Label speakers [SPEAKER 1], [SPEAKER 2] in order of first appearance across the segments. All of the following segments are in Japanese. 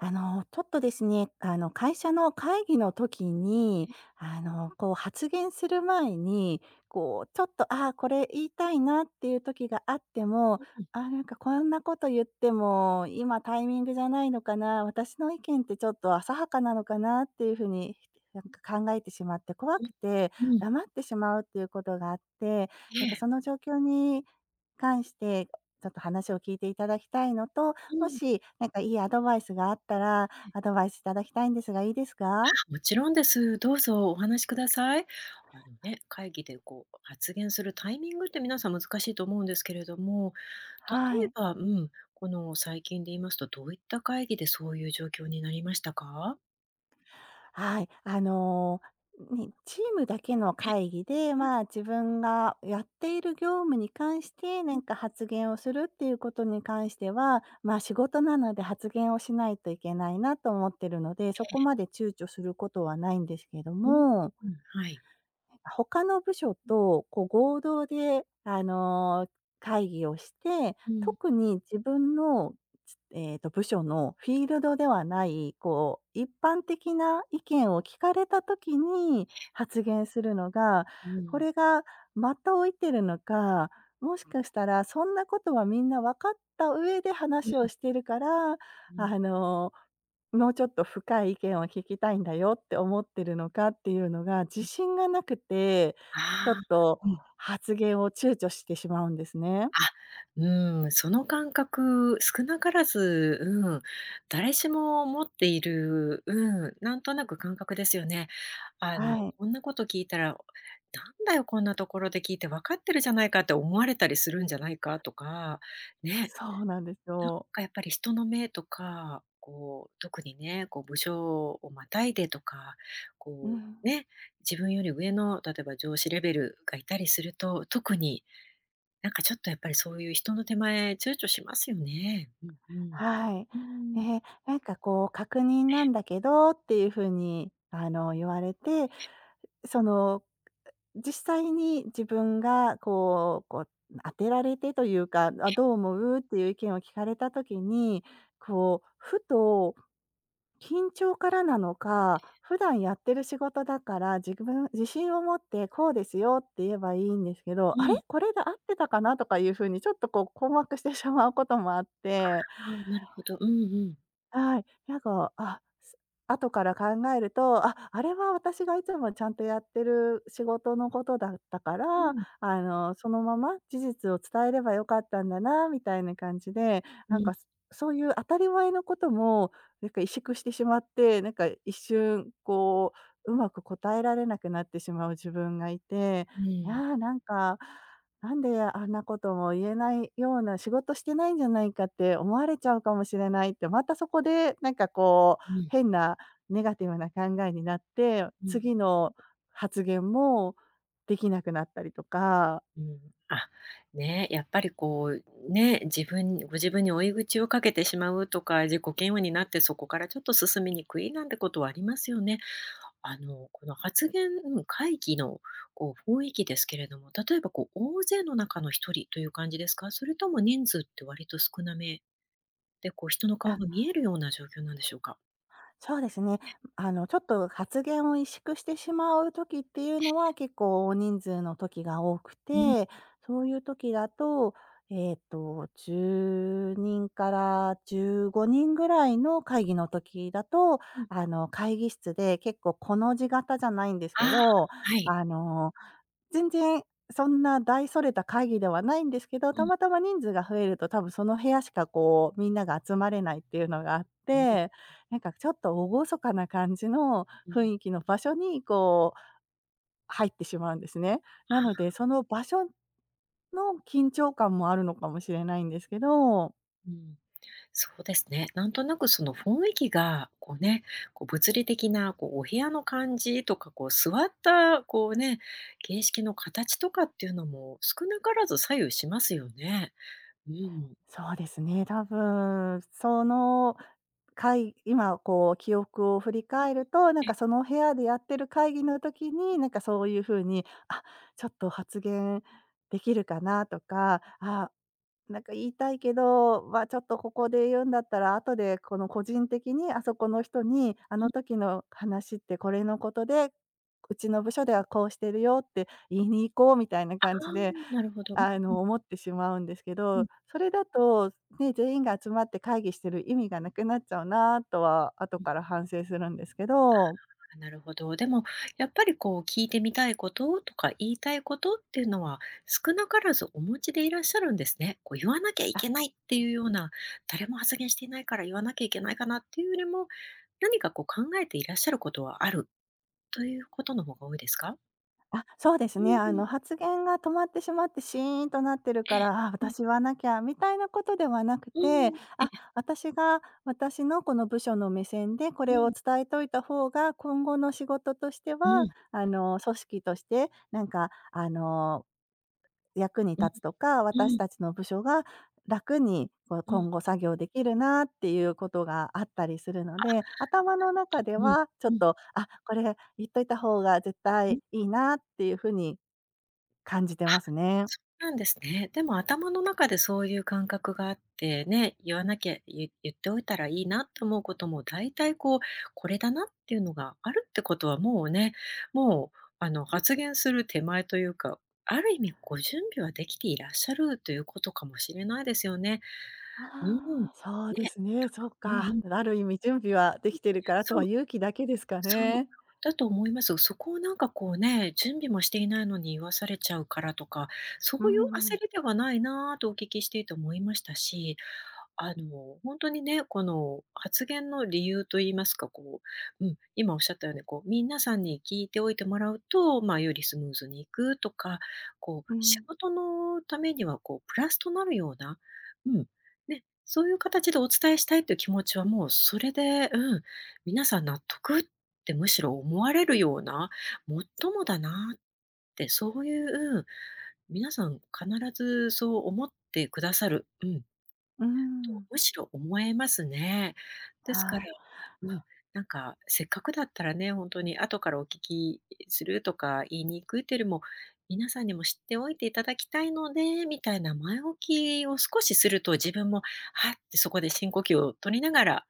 [SPEAKER 1] あの、ちょっとですね、あの会社の会議の時に、
[SPEAKER 2] え。
[SPEAKER 1] あの、こう発言する前に、こうちょっと「ああ、これ言いたいな」っていう時があっても、
[SPEAKER 2] うん。
[SPEAKER 1] 「ああ、なんかこんなこと言っても、今タイミングじゃないのかな？私の意見ってちょっと浅はかなのかな？」っていうふうになんか考えてしまって、怖
[SPEAKER 2] う
[SPEAKER 1] く
[SPEAKER 2] ん、
[SPEAKER 1] て
[SPEAKER 2] うん。
[SPEAKER 1] 黙ってしまうっていうことがあって。なんか
[SPEAKER 2] ええ。
[SPEAKER 1] その状況に関して、ちょっと話を聞いていただきたいのと、
[SPEAKER 2] う
[SPEAKER 1] も
[SPEAKER 2] ん。
[SPEAKER 1] しなんかいいアドバイスがあったら、
[SPEAKER 2] え。
[SPEAKER 1] アドバイスいただきたいんですがいいですか？
[SPEAKER 2] あ、もちろんです。どうぞお話しください。あのね、会議でこう発言するタイミングって皆さん難しいと思うんですけれども、
[SPEAKER 1] は
[SPEAKER 2] 例え
[SPEAKER 1] い。
[SPEAKER 2] ば、うん、この最近で言いますと、どういった会議でそういう状況になりましたか？
[SPEAKER 1] はい。あの、にチームだけの
[SPEAKER 2] え。
[SPEAKER 1] 会議で、
[SPEAKER 2] うん。
[SPEAKER 1] まあ、自分がやっている業務に関して、な
[SPEAKER 2] うん。
[SPEAKER 1] んか発言をするっていうことに関しては、まあ、仕事なので発言をしないといけないなと思ってるので、
[SPEAKER 2] え
[SPEAKER 1] そこ
[SPEAKER 2] え。
[SPEAKER 1] まで躊躇することはないんですけど
[SPEAKER 2] うん、
[SPEAKER 1] も。
[SPEAKER 2] うん。はい。
[SPEAKER 1] 他の部署
[SPEAKER 2] うん。
[SPEAKER 1] とこう合同で、あの、会議をして、
[SPEAKER 2] うん。
[SPEAKER 1] 特に自分の、ちええと、部署のフィールドではない、こう一般的な意見を聞かれた時に
[SPEAKER 2] え。
[SPEAKER 1] 発言するのが、
[SPEAKER 2] う
[SPEAKER 1] こ
[SPEAKER 2] ん。
[SPEAKER 1] れが、的を射てるのか、もしかしたらそんなことはみんなわかった上で
[SPEAKER 2] う
[SPEAKER 1] 話を
[SPEAKER 2] ん。
[SPEAKER 1] してるから、
[SPEAKER 2] うん。
[SPEAKER 1] あの、もうちょっと深い意見を聞きたいんだよって思ってるのかっていうのが、自
[SPEAKER 2] うん。
[SPEAKER 1] 信がなくて、
[SPEAKER 2] あ
[SPEAKER 1] ちょ
[SPEAKER 2] あ、
[SPEAKER 1] っと
[SPEAKER 2] うん。
[SPEAKER 1] 発言を躊躇してしまうんですね。
[SPEAKER 2] あ、うん、その感覚、少なからず、うん、誰しも持っている、うん、なんとなく感覚ですよね。あの、
[SPEAKER 1] はい。
[SPEAKER 2] こんなこと聞いたら、「なんだよ、こんなところで聞いて。わかってるじゃないか」って思われたりするんじゃないかとか、ね。
[SPEAKER 1] そうなんです
[SPEAKER 2] なん
[SPEAKER 1] よ。
[SPEAKER 2] かやっぱり人の目とか、こう、特にね、こう部署をまたいでとか、
[SPEAKER 1] う
[SPEAKER 2] こ
[SPEAKER 1] ん。
[SPEAKER 2] うね、自分より上の、例えば上司レベルがいたりすると、特になんかちょっとやっぱりそういう人の手前、躊躇しますよね。うんうん。
[SPEAKER 1] はい。
[SPEAKER 2] うー
[SPEAKER 1] え
[SPEAKER 2] ん。
[SPEAKER 1] え、なんかこう、確認なんだけどっ
[SPEAKER 2] え、ん。
[SPEAKER 1] ていうふうに、あの言われて、その実際に自分がこうこう当てられてというか、あ、
[SPEAKER 2] え。
[SPEAKER 1] どう思うっていう意見を聞かれた時に、こうふと緊張からなの
[SPEAKER 2] え
[SPEAKER 1] か、
[SPEAKER 2] え。
[SPEAKER 1] 普段やってる仕事だから、自分自信を持ってこうですよって言えばいいんですけど、
[SPEAKER 2] う
[SPEAKER 1] 「あれ、
[SPEAKER 2] ん。
[SPEAKER 1] これで合ってたかな？」とかいうふうに、ちょっとこう困惑してしまうこともあって。
[SPEAKER 2] ああああ、なるほど。うんうん。
[SPEAKER 1] はい。なんか、あ、す後から考えると、あ、あれは私がいつもちゃんとやってる仕事のことだったか
[SPEAKER 2] う
[SPEAKER 1] ら、
[SPEAKER 2] ん。
[SPEAKER 1] あの、そのまま事実を伝えれば良かったんだな、みたいな感じで、
[SPEAKER 2] う
[SPEAKER 1] なん
[SPEAKER 2] ん。
[SPEAKER 1] かすそういう当たり前のことも、なんか萎縮してしまって、なんか一瞬こう、うまく答えられなくなってしまう自分がいて、
[SPEAKER 2] う
[SPEAKER 1] い
[SPEAKER 2] ん。
[SPEAKER 1] やなんか、なんであんなことも言えないような、仕事してないんじゃないかって思われちゃうかもしれないって、またそこで、なんかこう
[SPEAKER 2] うん。
[SPEAKER 1] 変なネガティブな考えになって、
[SPEAKER 2] うん。
[SPEAKER 1] 次の発言もできなくなったりとか。
[SPEAKER 2] うん、あ、ね、やっぱりこう、ね、自分ご自分に追い打ちをかけてしまうとか、自己嫌悪になってそこからちょっと進みにくい、なんてことありますよね。あのこの発言、うん、会議のこう雰囲気ですけれども、例えばこう大勢の中の1人という感じですか？それとも人数って割と少なめで、こう人の顔
[SPEAKER 1] あ。
[SPEAKER 2] が見えるような状況なんでしょうか？
[SPEAKER 1] そうですね。ん、
[SPEAKER 2] いえ。
[SPEAKER 1] あの、ちょっと発言を萎縮してしまう時っていう
[SPEAKER 2] え
[SPEAKER 1] の
[SPEAKER 2] え。
[SPEAKER 1] は、結構、大人数の時が多く
[SPEAKER 2] うん。
[SPEAKER 1] て、そういう時だとえっと、10人から15人ぐらい
[SPEAKER 2] うん。
[SPEAKER 1] の会議の時だと、
[SPEAKER 2] うん。
[SPEAKER 1] あの、会議室で結構コの字型じゃないんです
[SPEAKER 2] あ
[SPEAKER 1] け
[SPEAKER 2] あ、
[SPEAKER 1] ど、
[SPEAKER 2] はい。
[SPEAKER 1] あの、全然そんな大それた会議ではないんですけど、
[SPEAKER 2] う
[SPEAKER 1] た
[SPEAKER 2] ん。
[SPEAKER 1] またま人数が増えると多分その部屋しか、こう、みんなが集まれないっていうのがあっ
[SPEAKER 2] うん、うん。
[SPEAKER 1] て、なんかちょっと厳かな感じの
[SPEAKER 2] う
[SPEAKER 1] 雰
[SPEAKER 2] ん。
[SPEAKER 1] 囲気の場所に、こう、入ってしまうんですね。
[SPEAKER 2] あ
[SPEAKER 1] なので
[SPEAKER 2] あ。
[SPEAKER 1] その場所の緊張感もあるのかもしれないんですけど。
[SPEAKER 2] うん、そうですね、なんとなくその雰囲気が、こうね、こう物理的なこう、お部屋の感じとか、こう座った、こうね、形式の形とかっていうのも少なからず左右しますよね。うん。
[SPEAKER 1] そうですね、多分、その、
[SPEAKER 2] うん。
[SPEAKER 1] かい今こう、記憶を振り
[SPEAKER 2] うう
[SPEAKER 1] 返る
[SPEAKER 2] ん、
[SPEAKER 1] と、なん
[SPEAKER 2] え
[SPEAKER 1] か
[SPEAKER 2] え。
[SPEAKER 1] その部屋でやってる会議の時
[SPEAKER 2] う
[SPEAKER 1] に、
[SPEAKER 2] ん
[SPEAKER 1] なん
[SPEAKER 2] うん。
[SPEAKER 1] かそういうふうに「あ、ちょっと発言できるかな」とか「あ、なんか言いたいけど、ま、ちょっとここで言うんだったら後でこの個人的にあそこの人にあ
[SPEAKER 2] うん。
[SPEAKER 1] の時の話ってこれのことで、うちの部署で
[SPEAKER 2] うん。
[SPEAKER 1] はこうしているよって言いに行こう」みたいな
[SPEAKER 2] あ
[SPEAKER 1] 感じ
[SPEAKER 2] あ！
[SPEAKER 1] で
[SPEAKER 2] なるほど。うん
[SPEAKER 1] あ
[SPEAKER 2] う
[SPEAKER 1] の、
[SPEAKER 2] ん。
[SPEAKER 1] 思ってしまうんですけ
[SPEAKER 2] う
[SPEAKER 1] ど、
[SPEAKER 2] ん。
[SPEAKER 1] それだと、ね、全員が集まって会議してる意味がなくなっちゃうなとは後
[SPEAKER 2] うん。
[SPEAKER 1] から反省するんですけど。
[SPEAKER 2] ああ、なるほど。でも、やっぱりこう聞いてみたいこととか、言いたいことっていうのは、少なからずお持ちでいらっしゃるんですね。こう、言わなきゃい
[SPEAKER 1] あ、
[SPEAKER 2] けないって
[SPEAKER 1] そう。
[SPEAKER 2] いうような「誰も発言していないから言わなきゃいけないかな」っていうよりも、何かこう考えていらっしゃることはあるということの方が多いですか？
[SPEAKER 1] あ、そうです
[SPEAKER 2] うん
[SPEAKER 1] ね。
[SPEAKER 2] う
[SPEAKER 1] あの、
[SPEAKER 2] ん。
[SPEAKER 1] 発言が止まってしまってシーンとなってる
[SPEAKER 2] え
[SPEAKER 1] か
[SPEAKER 2] え。
[SPEAKER 1] ら「あ、
[SPEAKER 2] うん。
[SPEAKER 1] 私言わなきゃ」みたいなことではなく
[SPEAKER 2] う
[SPEAKER 1] て、
[SPEAKER 2] ん、え
[SPEAKER 1] あ、
[SPEAKER 2] え。
[SPEAKER 1] 私が、私のこの部署の目線でこ
[SPEAKER 2] う
[SPEAKER 1] れを
[SPEAKER 2] ん。
[SPEAKER 1] 伝えておいた方が、今後の仕事として
[SPEAKER 2] う
[SPEAKER 1] は
[SPEAKER 2] ん。
[SPEAKER 1] あの、組織としてなんか、あの、役に
[SPEAKER 2] うん、
[SPEAKER 1] 立つとか、私
[SPEAKER 2] うん。
[SPEAKER 1] たちの部署が楽にこ
[SPEAKER 2] うん。
[SPEAKER 1] 今後作業できるなってい
[SPEAKER 2] ううん。
[SPEAKER 1] うことがあったりするの
[SPEAKER 2] あ。
[SPEAKER 1] で、頭の中で
[SPEAKER 2] うん、
[SPEAKER 1] はちょっ
[SPEAKER 2] うん。
[SPEAKER 1] とあ、これ言っといた方が絶
[SPEAKER 2] う
[SPEAKER 1] 対
[SPEAKER 2] ん。
[SPEAKER 1] いいなっていうふうに感じて
[SPEAKER 2] あ、
[SPEAKER 1] ますね。
[SPEAKER 2] そうなんですね。でも頭の中でそういう感覚があって、ね、言わなきゃい言っておいたらいいなと思うこともだいたい、こう、これだなっていうのがあるってことはもうね、もうあの、発言する手前というか、ある意味ご準備はできていらっしゃるということかもしれないですよね。うん、ね。
[SPEAKER 1] ああ、そう
[SPEAKER 2] な
[SPEAKER 1] で
[SPEAKER 2] ん
[SPEAKER 1] す
[SPEAKER 2] か
[SPEAKER 1] ね。そっ
[SPEAKER 2] うんう
[SPEAKER 1] か。
[SPEAKER 2] ん。ええ、うん、い
[SPEAKER 1] で、ある意味準備はできてる
[SPEAKER 2] や、
[SPEAKER 1] から、あと
[SPEAKER 2] そ
[SPEAKER 1] は
[SPEAKER 2] う。
[SPEAKER 1] 勇気だけですか
[SPEAKER 2] そう、
[SPEAKER 1] ね。
[SPEAKER 2] だと思いますよ。そこをなんかこうね、準備もしていないのに言わされちゃうからとか、そ
[SPEAKER 1] う
[SPEAKER 2] ういう
[SPEAKER 1] んう
[SPEAKER 2] 焦
[SPEAKER 1] ん。
[SPEAKER 2] りではないなとお聞きしていて思いましたし、あの、ほんとにね、この発言の理由と言いますか、こう、うん、今おっしゃったように、こう皆さんに聞いておいてもらうと、ま、よりスムーズに行くとか、こう、
[SPEAKER 1] う
[SPEAKER 2] 仕
[SPEAKER 1] ん。
[SPEAKER 2] 事のためには、こう、プラスとなるような、うん、ね、そういう形でお伝えしたいっていう気持ちはもうそれで、うん。皆さん納得ってむしろ思われるような、もっともだなって、そういう、うん、皆さん必ずそう思ってくださる、うん。と、
[SPEAKER 1] うん。
[SPEAKER 2] むしろ思えますね。ですから、
[SPEAKER 1] はい。
[SPEAKER 2] うん、なんかせっかくだったらね、本当に後からお聞き、いいするとか言いにくいっていうよりも、皆さんにも知っておいていただきたいので、みたいな前置きを少しすると自分も「はっ」てそこで深呼吸を取りながら、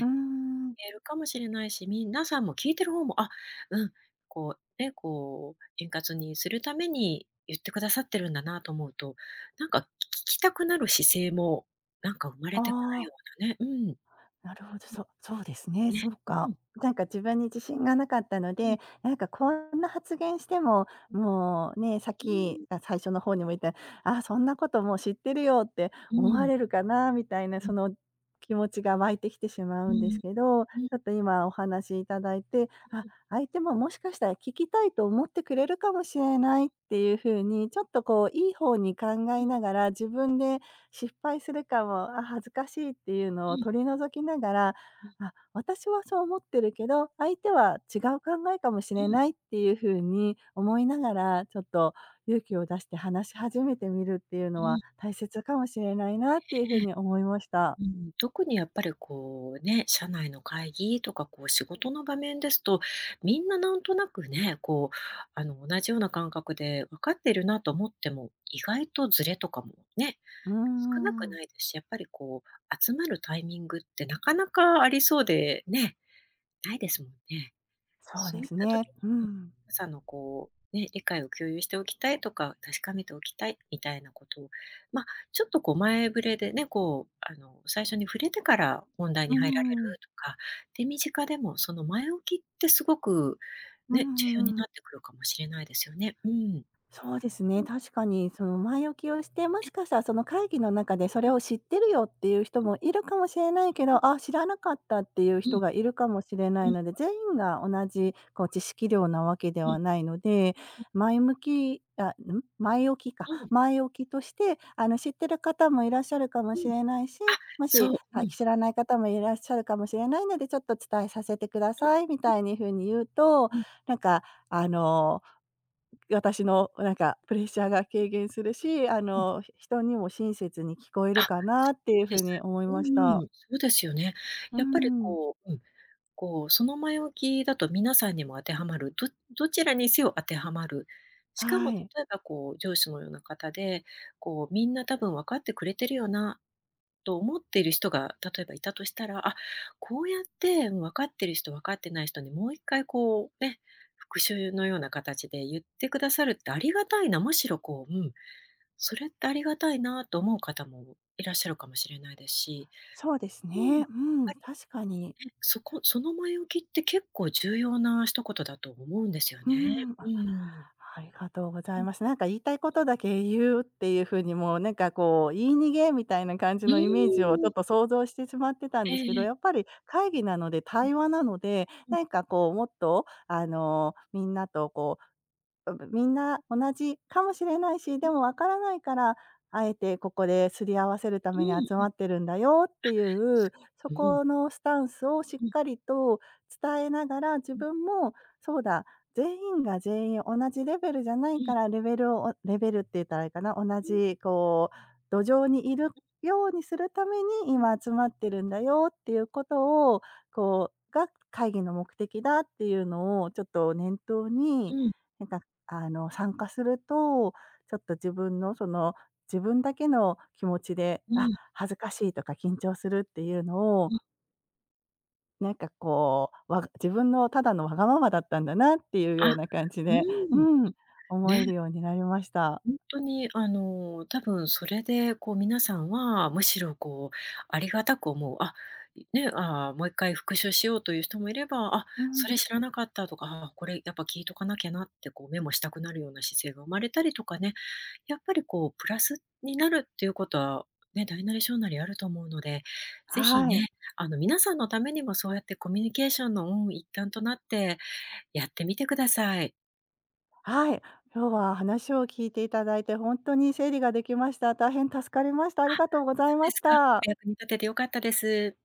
[SPEAKER 1] うん。
[SPEAKER 2] 言えるかもしれないし、みんなさんも聞いてる方も、あ、うん、こう、ね、こう、円滑にするために言ってくださってるんだなと思うと、なんかき聞きたくなる姿勢もなんか生ま
[SPEAKER 1] あ
[SPEAKER 2] れてくる
[SPEAKER 1] あ。
[SPEAKER 2] ようなねうん。うん、
[SPEAKER 1] なるほど、そう、そうですね。
[SPEAKER 2] ね。
[SPEAKER 1] そう
[SPEAKER 2] う
[SPEAKER 1] か。
[SPEAKER 2] ん。
[SPEAKER 1] なんか自分に自信がなかったの
[SPEAKER 2] う
[SPEAKER 1] で、
[SPEAKER 2] ん。
[SPEAKER 1] なんかこんな発言しても、
[SPEAKER 2] うん。
[SPEAKER 1] もう、ね、さっ
[SPEAKER 2] う
[SPEAKER 1] き、
[SPEAKER 2] ーん。
[SPEAKER 1] あ、最初の方にも言った「ああ、そんなこともう知ってるよ」って
[SPEAKER 2] う
[SPEAKER 1] 思わ
[SPEAKER 2] ん。
[SPEAKER 1] れるかなみたいな、
[SPEAKER 2] うん。
[SPEAKER 1] その気持ちが湧いてきてしまう
[SPEAKER 2] う
[SPEAKER 1] んです
[SPEAKER 2] ん。
[SPEAKER 1] けど、ち
[SPEAKER 2] う
[SPEAKER 1] ょ
[SPEAKER 2] ん。
[SPEAKER 1] っと今お話しいただいて、
[SPEAKER 2] うん
[SPEAKER 1] あ、
[SPEAKER 2] うん。
[SPEAKER 1] 相手ももしかしたら聞きたいと思ってく
[SPEAKER 2] う
[SPEAKER 1] れ
[SPEAKER 2] ん、
[SPEAKER 1] るかもしれな
[SPEAKER 2] う
[SPEAKER 1] いっ
[SPEAKER 2] ん。
[SPEAKER 1] ていうふうに、ちょっとこういい方に考
[SPEAKER 2] う
[SPEAKER 1] え
[SPEAKER 2] ん。
[SPEAKER 1] ながら、自分で失敗するかも、あ、恥ずかしいっていうの
[SPEAKER 2] う
[SPEAKER 1] を
[SPEAKER 2] ん。
[SPEAKER 1] 取り除きながら、
[SPEAKER 2] うん。
[SPEAKER 1] あ、私はそう思ってるけど、相手は違う考えかもし
[SPEAKER 2] う
[SPEAKER 1] れ
[SPEAKER 2] ん。
[SPEAKER 1] ないっていうふうに
[SPEAKER 2] うん。
[SPEAKER 1] 思いながら、ちょっと勇気を出して話し始めてみるっていう
[SPEAKER 2] う
[SPEAKER 1] のは
[SPEAKER 2] ん。
[SPEAKER 1] 大切かもしれないなっていうふ
[SPEAKER 2] え
[SPEAKER 1] う
[SPEAKER 2] え、
[SPEAKER 1] に思いました。
[SPEAKER 2] うーん、特にやっぱりこうね、社内の会議とかこう仕事の場面ですと、みんななんとなくね、こう、あの、同じような感覚で分かってるなと思っても、意外とズレとかもね、
[SPEAKER 1] うんう
[SPEAKER 2] 少な
[SPEAKER 1] んう
[SPEAKER 2] く
[SPEAKER 1] ん。
[SPEAKER 2] ないですし、やっぱりこう集まるタイミングってなかなかありそうで、ね、ないですもんね。
[SPEAKER 1] そう
[SPEAKER 2] そう
[SPEAKER 1] で
[SPEAKER 2] いっ
[SPEAKER 1] す
[SPEAKER 2] た時
[SPEAKER 1] ね。
[SPEAKER 2] に
[SPEAKER 1] う
[SPEAKER 2] うん、
[SPEAKER 1] ん。
[SPEAKER 2] 朝のこうね、理解を共有しておきたいとか、確かめておきたいみたいなことを、ま、ちょっとこう前触れでね、こう、あの、最初に触れてから本題
[SPEAKER 1] う
[SPEAKER 2] に入られ
[SPEAKER 1] ん。
[SPEAKER 2] るとか、手短でもその前置きってすごく、
[SPEAKER 1] うん
[SPEAKER 2] ね、重
[SPEAKER 1] う
[SPEAKER 2] 要に
[SPEAKER 1] んう
[SPEAKER 2] な
[SPEAKER 1] ん。
[SPEAKER 2] ってくるかもしれないですよね。うん。
[SPEAKER 1] そうです
[SPEAKER 2] う
[SPEAKER 1] ね、
[SPEAKER 2] ん。
[SPEAKER 1] 確かにその、前置きをして、も
[SPEAKER 2] え
[SPEAKER 1] し
[SPEAKER 2] え。
[SPEAKER 1] かしたらその会議の中で、それ
[SPEAKER 2] うん。
[SPEAKER 1] を「知ってるよ」っていう人
[SPEAKER 2] うん。
[SPEAKER 1] もいるかもしれない
[SPEAKER 2] う
[SPEAKER 1] けど、
[SPEAKER 2] うん。
[SPEAKER 1] ああ、知らなかったっていう
[SPEAKER 2] う
[SPEAKER 1] 人
[SPEAKER 2] ん。
[SPEAKER 1] がいるかもしれな
[SPEAKER 2] う
[SPEAKER 1] い
[SPEAKER 2] ん。
[SPEAKER 1] ので、全員が同じこう、知識量なわけで
[SPEAKER 2] うん、
[SPEAKER 1] はないので、
[SPEAKER 2] うん。
[SPEAKER 1] 前向きあ、うむ、前置きか、
[SPEAKER 2] うん。
[SPEAKER 1] 前置きとしてあの、知ってる方もいらっしゃるかも
[SPEAKER 2] う
[SPEAKER 1] し
[SPEAKER 2] ん、あ、
[SPEAKER 1] れないし、もし、
[SPEAKER 2] そう、う
[SPEAKER 1] あ、き
[SPEAKER 2] ん。
[SPEAKER 1] 知らない方もいらっしゃるかもしれないので、ちょっと伝えさせてくだ
[SPEAKER 2] うん、
[SPEAKER 1] さいみ
[SPEAKER 2] うん。
[SPEAKER 1] たいにふうに言うと、
[SPEAKER 2] うん。
[SPEAKER 1] なんかあの、う私のなんかプレッシャーが
[SPEAKER 2] うん。
[SPEAKER 1] 軽減するし、あ
[SPEAKER 2] ううん。
[SPEAKER 1] の、ひ人にも親切に聞こえ
[SPEAKER 2] あ、
[SPEAKER 1] るかなって
[SPEAKER 2] そう
[SPEAKER 1] いうふ
[SPEAKER 2] で
[SPEAKER 1] う
[SPEAKER 2] す。
[SPEAKER 1] に思い
[SPEAKER 2] う
[SPEAKER 1] まし
[SPEAKER 2] ん
[SPEAKER 1] た。
[SPEAKER 2] うん、そうですよね。
[SPEAKER 1] う
[SPEAKER 2] やっぱり
[SPEAKER 1] ん。
[SPEAKER 2] こううん、こう、その前置きだと皆さんにも当てはまる、どどちらにせよ当てはまる。しかも
[SPEAKER 1] はい。
[SPEAKER 2] 例えばこう上司もような方で、こう、みんな多分分かってくれてるよなと思ってる人が、例えばいたとしたら、あ、こうやって、うん、分かってる人、分かってない人にもう一回こう、ね、復習のような形で言ってくださるってありがたいな、むしろこう、うん、それってありがたいなと思う方もいらっしゃるかもしれないですし、
[SPEAKER 1] そうです
[SPEAKER 2] うん、やっ
[SPEAKER 1] ね。うん、
[SPEAKER 2] ぱり、
[SPEAKER 1] 確かに。
[SPEAKER 2] ね、そこ、その前置きって結構重要な一言だと思うんですよ
[SPEAKER 1] うー
[SPEAKER 2] ね。
[SPEAKER 1] ん、
[SPEAKER 2] う
[SPEAKER 1] あ、
[SPEAKER 2] ん。
[SPEAKER 1] ありがとうござ
[SPEAKER 2] う
[SPEAKER 1] い
[SPEAKER 2] ん。
[SPEAKER 1] ます。なんか言いたいことだけ言うっていうふうに、もうな
[SPEAKER 2] う
[SPEAKER 1] ん
[SPEAKER 2] ん。
[SPEAKER 1] かこう、言い逃げみたいな感じ
[SPEAKER 2] う
[SPEAKER 1] のイメージをちょっ
[SPEAKER 2] ん。
[SPEAKER 1] と想像してしまってたん
[SPEAKER 2] え
[SPEAKER 1] で
[SPEAKER 2] え
[SPEAKER 1] すけど、
[SPEAKER 2] ええ。
[SPEAKER 1] やっぱり会議なので
[SPEAKER 2] うん。
[SPEAKER 1] 対話なので、
[SPEAKER 2] うん。
[SPEAKER 1] なんかこうもっとあの、みんなとこう、あぶみんな同じかもしれないし、
[SPEAKER 2] う
[SPEAKER 1] で
[SPEAKER 2] ん。
[SPEAKER 1] もわからないからあえてここで擦り合わせるた
[SPEAKER 2] う
[SPEAKER 1] めに集
[SPEAKER 2] ーん、うん。あ、
[SPEAKER 1] まってるんだよっていう、そ
[SPEAKER 2] そう、うん。
[SPEAKER 1] このスタンスをしっ
[SPEAKER 2] うん。
[SPEAKER 1] かりと伝えながら、自
[SPEAKER 2] うん。
[SPEAKER 1] 分もそうだ、全員が全員同じレベルじゃない
[SPEAKER 2] うん。
[SPEAKER 1] からレベルをおレベルって言ったらあれかな、同
[SPEAKER 2] うん。
[SPEAKER 1] じこう、土壌にいる
[SPEAKER 2] うん。
[SPEAKER 1] ようにするために
[SPEAKER 2] うん。
[SPEAKER 1] 今集まってるんだよっていうことを、こうが会議の目的だっていうのをちょっと念頭
[SPEAKER 2] う
[SPEAKER 1] に、
[SPEAKER 2] ん。
[SPEAKER 1] なんかあの参加すると、ちょっと自分のその、自分だけの気持ちで、
[SPEAKER 2] う
[SPEAKER 1] あ、
[SPEAKER 2] ん。
[SPEAKER 1] 恥ずかしいとか緊張するっていうのを
[SPEAKER 2] うん。
[SPEAKER 1] なんかこう、わ自分のただのわがままだったんだなっていうよう
[SPEAKER 2] あ、
[SPEAKER 1] な感じ
[SPEAKER 2] う
[SPEAKER 1] でう
[SPEAKER 2] ん、
[SPEAKER 1] ん、思える
[SPEAKER 2] ね。
[SPEAKER 1] ようになりました。
[SPEAKER 2] ほんとにあの、たぶんそれで、こう皆さんは、むしろこう、ありがたく思うあ、いね、ああ、もう一回復習しようという人もいれば、あ、
[SPEAKER 1] う
[SPEAKER 2] そ
[SPEAKER 1] ん。
[SPEAKER 2] れ知らなかったとか、ああ、これやっぱ聞いとかなきゃなって、こうメモしたくなるような姿勢が生まれたりとかね、やっぱりこう、プラスになるっていうことは、ね、大なり小なりあると思うので、ぜひ
[SPEAKER 1] はい。
[SPEAKER 2] ね、あの、皆さんのためにもそうやってコミュニケーションの、うーん、一環となって、やってみてください。
[SPEAKER 1] はい。
[SPEAKER 2] うんうん。
[SPEAKER 1] 今日は話を聞いていただいてほんとに整理ができました。大変助かりました。あり
[SPEAKER 2] あ、
[SPEAKER 1] がとうござ
[SPEAKER 2] そ
[SPEAKER 1] い
[SPEAKER 2] う
[SPEAKER 1] ま
[SPEAKER 2] で
[SPEAKER 1] し
[SPEAKER 2] すか。お
[SPEAKER 1] た。
[SPEAKER 2] 役に立てて良かったです。